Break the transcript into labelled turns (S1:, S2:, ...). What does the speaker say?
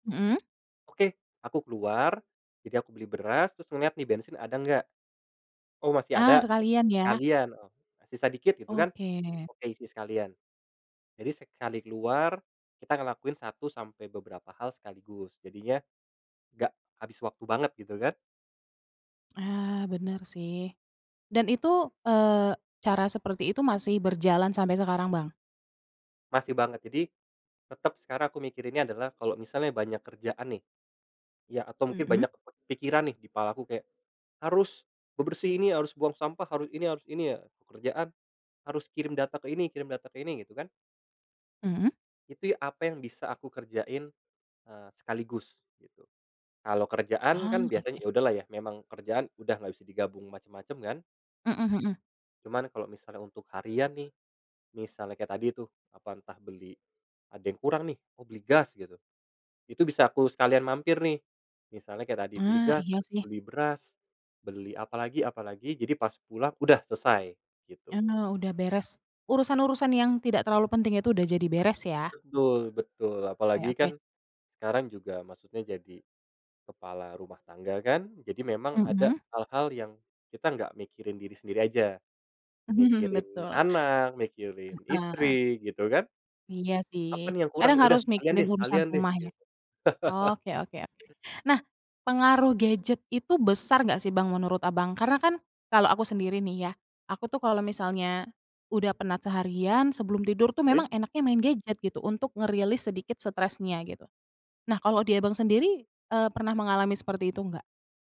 S1: Mhm.
S2: Oke, aku keluar, jadi aku beli beras terus ngeliat nih bensin ada nggak? Oh, masih
S1: Ah.
S2: ada,
S1: Sekalian ya.
S2: sekalian, sisa sedikit gitu kan.
S1: Oke.
S2: Oke, isi sekalian. Jadi sekali keluar kita ngelakuin 1 sampai beberapa hal sekaligus, jadinya enggak habis waktu banget, gitu kan.
S1: Ah, bener sih. Dan itu, eee, cara seperti itu masih berjalan sampai sekarang, Bang?
S2: Masih banget. Jadi, tetep sekarang aku mikirinnya adalah kalau misalnya banyak kerjaan nih, ya atau mungkin banyak
S1: Mhm.
S2: kepikiran nih, di kepalaku kayak, harus bebersih ini, harus buang sampah, harus ini, harus ini ya, kerjaan harus kirim data ke ini, kirim data ke ini, gitu kan.
S1: Mhm.
S2: Itu ya apa yang bisa aku kerjain, eee, sekaligus gitu. Kalau kerjaan
S1: Ah,
S2: kan biasanya,
S1: oke.
S2: ya udahlah ya, memang kerjaan udah nggak bisa digabung macem-macem kan.
S1: Mhm mhm.
S2: Cuman kalau misalnya untuk harian nih, misalnya kayak tadi tuh, apa, entah beli ada yang kurang nih, oh beli gas gitu, itu bisa aku sekalian mampir nih, misalnya kayak tadi beli
S1: Ah,
S2: gas,
S1: iya sih.
S2: beli beras, beli apalagi, apalagi. Jadi pas pulang udah selesai, gitu.
S1: Karena udah beres. Urusan-urusan yang tidak terlalu penting itu, udah jadi beres, ya?
S2: Betul, betul.
S1: Oke
S2: Apalagi
S1: oke.
S2: kan, sekarang juga maksudnya jadi kepala rumah tangga, kan. Jadi memang ada
S1: Mhm.
S2: hal-hal yang kita nggak mikirin diri sendiri aja.
S1: Mhm,
S2: Mikirin
S1: betul.
S2: anak, mikirin
S1: Heeh.
S2: istri, gitu kan?
S1: Iya
S2: Apa
S1: sih,
S2: nih yang kurang?
S1: kadang
S2: Ya udah
S1: harus
S2: sekalian
S1: mikirin
S2: deh,
S1: urusan
S2: sekalian deh
S1: rumah ya?
S2: gitu.
S1: Oke oke oke. Nah, pengaruh gadget itu besar nggak sih, Bang, menurut Abang? Karena kan kalau aku sendiri nih ya, aku tuh kalau misalnya udah penat seharian, sebelum tidur tuh,
S2: Eh.
S1: memang enaknya main gadget gitu, untuk ngerilis sedikit stresnya, gitu. Nah, kalau di Abang sendiri, eee, pernah mengalami seperti itu enggak?